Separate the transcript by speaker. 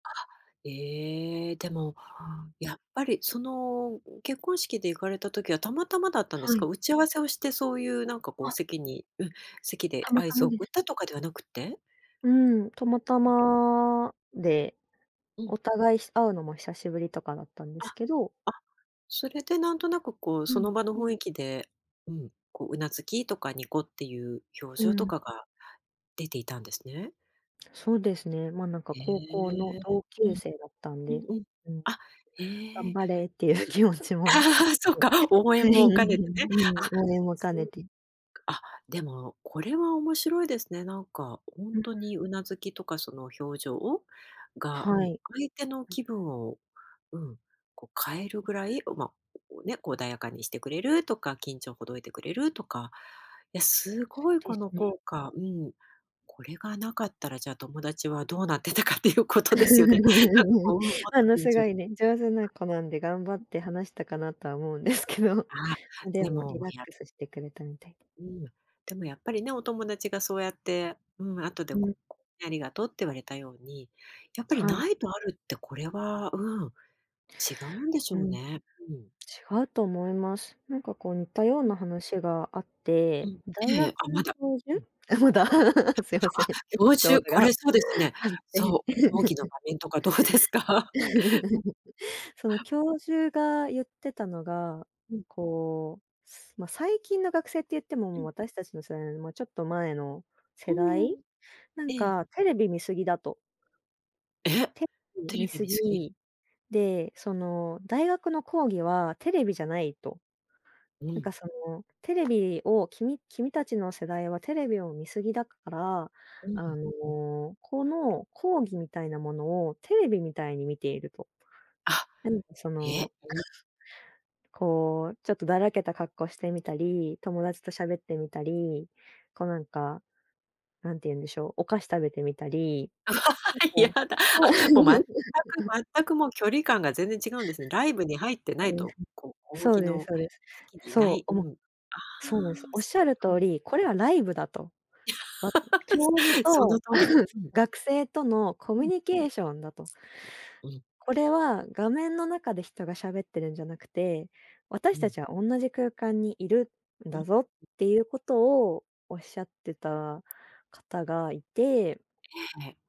Speaker 1: あ、ええ、でも、
Speaker 2: うん。
Speaker 1: やっぱりその結婚式で行かれた時はたまたまだったんです
Speaker 2: は
Speaker 1: か？
Speaker 2: い。
Speaker 1: 打ち合わせをしてそういうなんかこう
Speaker 2: あ。
Speaker 1: 席にうん、席で
Speaker 2: たま
Speaker 1: 合
Speaker 2: た
Speaker 1: 図
Speaker 2: まで
Speaker 1: 送
Speaker 2: す。
Speaker 1: ったとかではなくって？
Speaker 2: うん、たまたまで、
Speaker 1: うん。
Speaker 2: お互いひ会うのも久しぶりとかだったんですけ
Speaker 1: あ、
Speaker 2: ど。
Speaker 1: あ、それでなんとなくこう、
Speaker 2: う
Speaker 1: その
Speaker 2: ん。
Speaker 1: 場の雰囲気で、うん、こう頷きとかニコっていう表
Speaker 2: う
Speaker 1: 情と
Speaker 2: ん。
Speaker 1: かが出ていたんですね？
Speaker 2: そうですね、ま、なんか
Speaker 1: へ
Speaker 2: 高校の
Speaker 1: え、
Speaker 2: 同
Speaker 1: う
Speaker 2: 級
Speaker 1: ん。
Speaker 2: 生だったん
Speaker 1: うん
Speaker 2: で、
Speaker 1: うん。
Speaker 2: うん。
Speaker 1: あ、へ
Speaker 2: 頑
Speaker 1: え。
Speaker 2: 張れっていう気持ち
Speaker 1: あ
Speaker 2: も、
Speaker 1: あ、そう
Speaker 2: うん。
Speaker 1: か、応
Speaker 2: は
Speaker 1: 援
Speaker 2: い、
Speaker 1: も
Speaker 2: う
Speaker 1: 兼ねてね、
Speaker 2: んうん。
Speaker 1: あ、
Speaker 2: 応援も兼
Speaker 1: そう
Speaker 2: ねて。
Speaker 1: か、あ、でもこれは面白いですね、なんか本
Speaker 2: うん。
Speaker 1: 当に頷きとかその表情をが、う
Speaker 2: は
Speaker 1: ん、
Speaker 2: い。
Speaker 1: 相手の気分を、うん、こう変えるぐらい、ま、お、ね、こう穏やかにしてくれるとか、緊張を解いてくれるとか。いや、すご
Speaker 2: そう
Speaker 1: い
Speaker 2: で
Speaker 1: こ
Speaker 2: す
Speaker 1: の
Speaker 2: ね。
Speaker 1: 効果、うん。これがなかったらじゃあ友達はどうなってたかっていうことですよね。なんかこううん、もっ
Speaker 2: あ
Speaker 1: と
Speaker 2: の
Speaker 1: 緊
Speaker 2: すごい
Speaker 1: 張
Speaker 2: ね、上手な子なんで頑張って話したかなとは思うんですけど、
Speaker 1: あ、
Speaker 2: で
Speaker 1: で
Speaker 2: もリ
Speaker 1: も
Speaker 2: ラッ
Speaker 1: や
Speaker 2: クスしてくれたみたいで。
Speaker 1: うん、でもやっぱりね、お友達がそうやって、うん、後で
Speaker 2: う
Speaker 1: こ
Speaker 2: ん。
Speaker 1: うありがとうって言われたように、やっぱり
Speaker 2: はい。
Speaker 1: ないとあるってこれは、うん、違うんでし
Speaker 2: う
Speaker 1: ょう
Speaker 2: ん。違
Speaker 1: ね。うん。
Speaker 2: うと思います。なんかこう似たよう
Speaker 1: うん。
Speaker 2: な話があっ
Speaker 1: う
Speaker 2: て、
Speaker 1: ん、
Speaker 2: 大
Speaker 1: ええ、
Speaker 2: 学
Speaker 1: あ、ま
Speaker 2: の
Speaker 1: だ。
Speaker 2: 教
Speaker 1: うん。
Speaker 2: 授まだすいま
Speaker 1: あ、あ、
Speaker 2: せん、エピ
Speaker 1: 教
Speaker 2: ソー
Speaker 1: 授、
Speaker 2: ド
Speaker 1: これ
Speaker 2: が
Speaker 1: そうですね。
Speaker 2: あって。
Speaker 1: そう、講義の場 面とかどうですか？うん。
Speaker 2: その教授が言ってたのが、
Speaker 1: うん。
Speaker 2: こう、すま、最近の学生って言っても、
Speaker 1: う
Speaker 2: もう
Speaker 1: ん。
Speaker 2: 私たちの世代よりもちょっと前の
Speaker 1: う
Speaker 2: 世代、
Speaker 1: ーん。
Speaker 2: なん
Speaker 1: ええ。
Speaker 2: かテレビ見過ぎだと。
Speaker 1: え、
Speaker 2: テレビ
Speaker 1: テレ
Speaker 2: 見
Speaker 1: ビ
Speaker 2: 過
Speaker 1: 見過ぎ？
Speaker 2: ぎ、で、その大学の講義はテレビじゃないと。
Speaker 1: う
Speaker 2: なん
Speaker 1: ん。
Speaker 2: かそのテレビを君君たちの世代はテレビを見過ぎだから、
Speaker 1: う
Speaker 2: あ
Speaker 1: ん。
Speaker 2: のこの講義みたいなものをテレビみたいに見ていると。
Speaker 1: あ、
Speaker 2: 何かそ
Speaker 1: え、
Speaker 2: の、
Speaker 1: うん。
Speaker 2: こう、ちょっとだらけた格好してみたり、友達と喋ってみたり、こうなんか、何て言うんでしょう、お菓子食べてみたり。な
Speaker 1: 嫌
Speaker 2: んか
Speaker 1: だ、
Speaker 2: そう
Speaker 1: あ、もう全く 全くもう距離感が全然違うんですね。ライブに入ってないと。こう講
Speaker 2: そう
Speaker 1: 義
Speaker 2: です、
Speaker 1: の
Speaker 2: そうですそうです、
Speaker 1: 席にいな
Speaker 2: そう、
Speaker 1: い、う
Speaker 2: おも
Speaker 1: ん。あ
Speaker 2: そうです。
Speaker 1: あ、
Speaker 2: おっ
Speaker 1: そ
Speaker 2: しゃる
Speaker 1: っ
Speaker 2: 通
Speaker 1: か。
Speaker 2: り、これはライブだと。わ教授
Speaker 1: すその
Speaker 2: と
Speaker 1: 通り。うん。
Speaker 2: 学生とのコ
Speaker 1: う
Speaker 2: ミュ
Speaker 1: ん。
Speaker 2: ニケーションだと。
Speaker 1: うん。
Speaker 2: これは画面の中で人が喋ってるんじゃなくて、
Speaker 1: う
Speaker 2: 私た
Speaker 1: ん。
Speaker 2: ちは同じ空間にいるん
Speaker 1: うん。
Speaker 2: だぞっていうことをおっしゃってた方がいて。
Speaker 1: ええ。